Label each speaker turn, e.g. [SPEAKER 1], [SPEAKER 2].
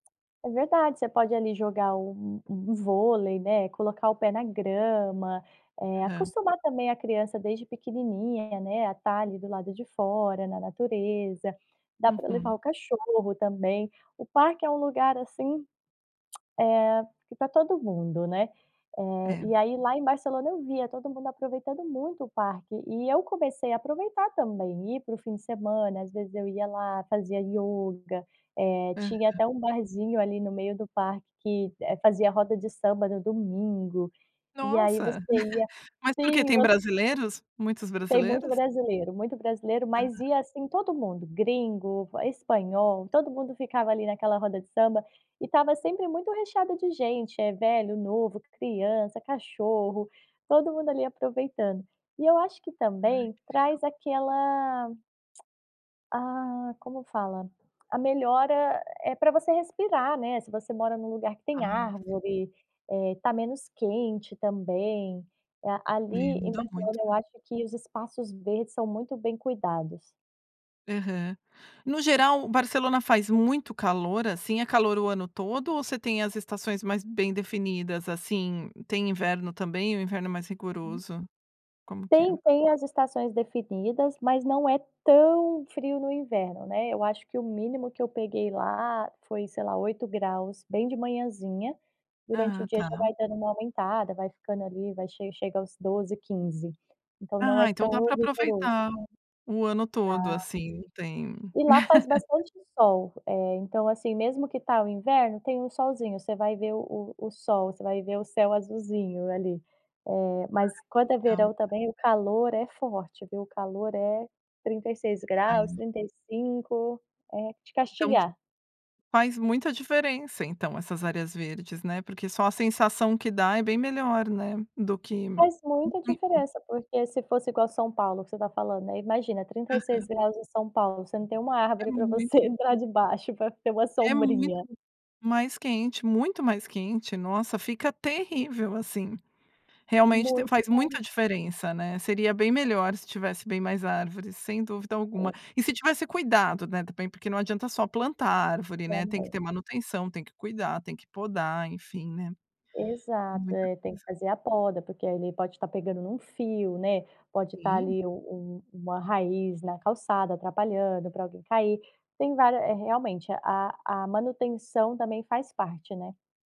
[SPEAKER 1] É verdade, você pode ali jogar um um vôlei, né, colocar o pé na grama, eh,
[SPEAKER 2] Aham.
[SPEAKER 1] acostumar também a criança desde pequenininha, né, a tá ali do lado de fora, na natureza. Dá para levar
[SPEAKER 2] Uhum.
[SPEAKER 1] o cachorro também. O parque é um lugar assim, eh, que tá todo mundo, né? Eh,
[SPEAKER 2] É.
[SPEAKER 1] e aí, lá em Barcelona eu via todo mundo aproveitando muito o parque e eu comecei a aproveitar também, ir pro fim de semana, às vezes eu ia lá, fazia yoga, eh, tinha
[SPEAKER 2] Aham.
[SPEAKER 1] até um barzinho ali no meio do parque que, eh, fazia a roda de samba no domingo. E aí você
[SPEAKER 2] Nossa,
[SPEAKER 1] ia
[SPEAKER 2] mas porque
[SPEAKER 1] sim,
[SPEAKER 2] tem
[SPEAKER 1] você
[SPEAKER 2] brasileiros muitos
[SPEAKER 1] Tem muito
[SPEAKER 2] brasileiros?
[SPEAKER 1] brasileiro, muito brasileiro, mas
[SPEAKER 2] Aham.
[SPEAKER 1] ia assim todo mundo, gringo, va espanhol, todo mundo ficava ali naquela roda de samba e estava sempre muito recheado de gente, é velho, novo, criança, cachorro, todo mundo ali aproveitando. E eu acho que
[SPEAKER 2] Ai
[SPEAKER 1] também
[SPEAKER 2] que legal.
[SPEAKER 1] traz aquela ah, como fala? A melhora, eh, pra você respirar, né. Se você mora em um lugar que
[SPEAKER 2] Ah
[SPEAKER 1] tem
[SPEAKER 2] sim.
[SPEAKER 1] árvore, eh, tá menos quente também, eh,
[SPEAKER 2] E
[SPEAKER 1] ali em
[SPEAKER 2] muda muito,
[SPEAKER 1] Barcelona
[SPEAKER 2] né?
[SPEAKER 1] eu acho que os espaços verdes são muito bem cuidados.
[SPEAKER 2] Aham. No geral, Barcelona faz muito calor, assim, é calor o ano todo ou você tem as estações mais bem definidas, assim, tem inverno também, o inverno é mais
[SPEAKER 1] Uhum.
[SPEAKER 2] rigoroso, como que é?
[SPEAKER 1] Tem, tem as estações definidas, mas não é tão frio no inverno, né. Eu acho que o mínimo que eu peguei lá foi sei lá 8ºC bem de manhãzinha, durante o
[SPEAKER 2] Ah,
[SPEAKER 1] dia
[SPEAKER 2] tá.
[SPEAKER 1] já vai dando uma aumentada, vai ficando ali vai che chega aos 12, 15, então não
[SPEAKER 2] Ah,
[SPEAKER 1] é
[SPEAKER 2] então dá
[SPEAKER 1] tão
[SPEAKER 2] pra
[SPEAKER 1] rigoroso.
[SPEAKER 2] aproveitar o ano todo,
[SPEAKER 1] Dá.
[SPEAKER 2] assim, não tem
[SPEAKER 1] E lá faz bastante sol, eh, então assim, mesmo que tá o inverno, tem um solzinho, você vai ver o o o sol, você vai ver o céu azulzinho ali, eh,
[SPEAKER 2] Ah
[SPEAKER 1] mas
[SPEAKER 2] que
[SPEAKER 1] quando é
[SPEAKER 2] legal.
[SPEAKER 1] verão também o calor é forte viu, o calor é 36ºC,
[SPEAKER 2] Aí
[SPEAKER 1] 35 é de
[SPEAKER 2] Então
[SPEAKER 1] castigar.
[SPEAKER 2] Faz muita diferença, então, essas áreas verdes, né, porque só a sensação que dá é bem melhor, né, do que
[SPEAKER 1] Faz muita
[SPEAKER 2] [unintelligible]
[SPEAKER 1] diferença, porque se fosse igual a São Paulo que você tá falando, aí imagina trinta e seis
[SPEAKER 2] Aham.
[SPEAKER 1] graus em São Paulo, você não tem uma
[SPEAKER 2] É
[SPEAKER 1] árvore pra
[SPEAKER 2] muito
[SPEAKER 1] você
[SPEAKER 2] ruim.
[SPEAKER 1] entrar debaixo pra ter uma
[SPEAKER 2] É muito
[SPEAKER 1] sombrinha.
[SPEAKER 2] mais quente, muito mais quente, nossa, fica terrível assim. Realmente te
[SPEAKER 1] Muito
[SPEAKER 2] faz muita
[SPEAKER 1] mais.
[SPEAKER 2] diferença, né? Seria bem melhor se tivesse bem mais árvores, sem dúvida alguma. E se tivesse cuidado, né, também, porque não adianta só plantar árvore, né? Tem que
[SPEAKER 1] Também.
[SPEAKER 2] ter manutenção, tem que cuidar, tem que podar, enfim, né?
[SPEAKER 1] Exato,
[SPEAKER 2] Muita
[SPEAKER 1] é tem
[SPEAKER 2] coisa.
[SPEAKER 1] que fazer a poda, porque ele pode estar pegando num fio, né? Pode estar
[SPEAKER 2] Sim.
[SPEAKER 1] ali o um uma raiz na calçada atrapalhando pra alguém cair. Tem vária eh realmente a a manutenção também faz parte, né?